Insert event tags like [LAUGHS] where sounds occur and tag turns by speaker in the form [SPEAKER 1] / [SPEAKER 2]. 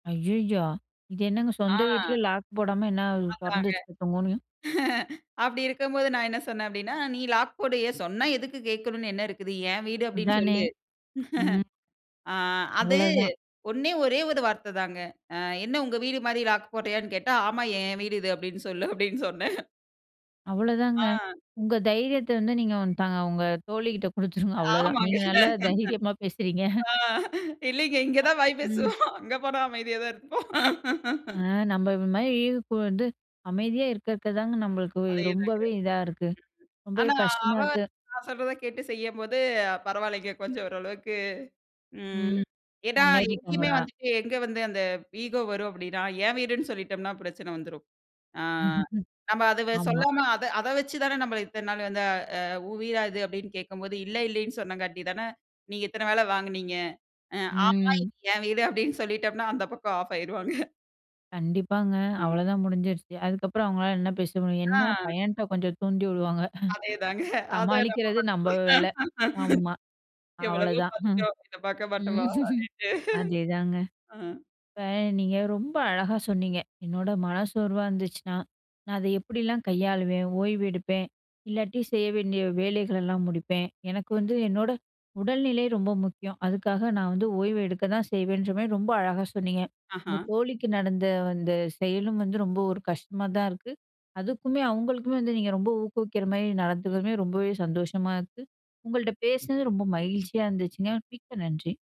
[SPEAKER 1] ஐயையோ! இது என்னங்க சொந்த வீட்லயே
[SPEAKER 2] ஆ.
[SPEAKER 1] லாக் போடாம என்ன தொறந்து
[SPEAKER 2] ஆமாங்க.
[SPEAKER 1] வச்சுகிட்டோம்னு,
[SPEAKER 2] [CHUCKLES] அப்பிடி இருக்கும்போது நான் என்ன சொன்னேன் அப்பிடின்னா, "நீ லாக் போடு. ஏன் சொன்னா எதுக்கு கேட்கணுனு என்ன இருக்குது? என் வீடு." அப்பிடின்னு
[SPEAKER 1] அதானே!
[SPEAKER 2] சொல்லு.
[SPEAKER 1] ம்.
[SPEAKER 2] [CHUCKLES] ஆ, அது
[SPEAKER 1] அவ்ளோதான்.
[SPEAKER 2] ஒண்ணே ஒரே ஒரு வார்த்த தாங்க. அ என்ன உங்க வீடுமாரி லாக் போட்றியான்னு கேட்டா, "ஆமா. என் வீடு இது." அப்பிடின்னு சொல்லு, அப்பிடின்னு சொன்னேன்.
[SPEAKER 1] அவ்வளோ தாங்க.
[SPEAKER 2] ஆ.
[SPEAKER 1] உங்க தைரியத்த வந்து நீங்க வந் தாங்க உங்க தோழிக்கிட்ட கொடுத்துருங்க அவ்ளோதான்.
[SPEAKER 2] ஆமாங்க.
[SPEAKER 1] நீங்க நல்லா தைரியமா பேசுகிறீங்க.
[SPEAKER 2] [LAUGHS] ஆ, இல்லேங்க. இங்க
[SPEAKER 1] அ
[SPEAKER 2] தான் வாய்
[SPEAKER 1] ம்.
[SPEAKER 2] பேசுவோம். அங்க போனா அமைதியா தான் இருப்போம்.
[SPEAKER 1] ஆ, நம்ம ஒரு இது மாரி, வந்து அமைதியா இருக்க, இருக்கதாங்க நம்மளுக்கு
[SPEAKER 2] அதே தாங்க.
[SPEAKER 1] ரொம்பவே இதா இருக்கு. ரொம்பவே
[SPEAKER 2] ஆனா,
[SPEAKER 1] கஷ்டமா
[SPEAKER 2] அவ
[SPEAKER 1] இருக்கு.
[SPEAKER 2] நான் சொல்றத கேட்டு செய்யும்போது பரவாயில்லங்க. கொஞ்சம் ஓரளவுக்கு ம்.
[SPEAKER 1] ம்.
[SPEAKER 2] ஏன்னா, எங்கேயுமே
[SPEAKER 1] முன்னேறிட்டாங்களா?
[SPEAKER 2] வந்துட்டு எங்க வந்து அந்த ஈகோ வரும் அப்டீனா என் வீடுன்னு சொல்லிட்டம்ன்னா பிரச்சனை வந்துரும். ஆ,
[SPEAKER 1] [CHUCKLES]
[SPEAKER 2] நம்ம அத வ
[SPEAKER 1] ஆமா.
[SPEAKER 2] சொல்லாம அத அத வச்சு தானே நம்மள இத்தன நாள் வந்து அ "உன் வீடா இது?" அப்பிடின்னு கேட்கும்போது இல்ல, இல்லேன்னு சொன்னங்காட்டி தானே, நீங்க இத்தன வேல வாங்குனீங்க. அ "ஆமா,
[SPEAKER 1] ம்.
[SPEAKER 2] இது என் வீடு." அப்பிடின்னு சொல்லிட்டம்ன்னா அந்த பக்கம் ஆஃப் ஆயிருவாங்க. [CHUCKLES]
[SPEAKER 1] கண்டிப்பாங்க.
[SPEAKER 2] ஆமா.
[SPEAKER 1] அவ்ளதான் முடிஞ்சிருச்சு. அதுக்கப்பறம் அவுங்களால என்ன பேச முடியும்?
[SPEAKER 2] ஆ.
[SPEAKER 1] என்ன பையன்ட்ட கொஞ்சம் தூண்டி விடுவாங்க.
[SPEAKER 2] அதே தாங்க.
[SPEAKER 1] [CHUCKLES]
[SPEAKER 2] அத நம்ப
[SPEAKER 1] சமாளிக்கிறது நம்ம
[SPEAKER 2] மாட்டீங்களா?
[SPEAKER 1] வேல. ஆமா.
[SPEAKER 2] எவ்வளவோ
[SPEAKER 1] அவ்ளதான். ம்,
[SPEAKER 2] பாத்துட்டோம். இத பாக்க மாட்டமா,
[SPEAKER 1] [CHUCKLES]
[SPEAKER 2] அப்பிடின்ட்டு.
[SPEAKER 1] அதேதாங்க.
[SPEAKER 2] [CHUCKLES] அ.
[SPEAKER 1] இப்ப நீங்க ரொம்ப அழகா சொன்னீங்க. என்னோட மன சோர்வா இருந்துச்சுனா, நான் அத எப்பிடில்லாம் கையாளுவேன்? ஓய்வு எடுப்பேன், இல்லாட்டி செய்ய வேண்டிய வேலைகளெல்லாம் முடிப்பேன். எனக்கு வந்து என்னோட உடல்நிலை ரொம்ப முக்கியம். அதுக்காக நான் வந்து ஓய்வு எடுக்க தான் செய்வேன்றமாரி ரொம்ப அழகா சொன்னீங்க. உங்க
[SPEAKER 2] ஆஹ.
[SPEAKER 1] தோழிக்கு நடந்த அந்த செயலும் வந்து ரொம்ப ஒரு கஷ்டமா தான் இருக்கு. அதுக்குமே அவுங்களுக்குமே வந்து நீங்க ரொம்ப ஊக்குவிக்கிறமாரி நடந்துக்கிறதுமே, ரொம்பவே சந்தோஷமா இருக்கு. உங்கள்ட்ட பேசுனது ரொம்ப மகிழ்ச்சியா இருந்துச்சுங்க. மிக்க நன்றி!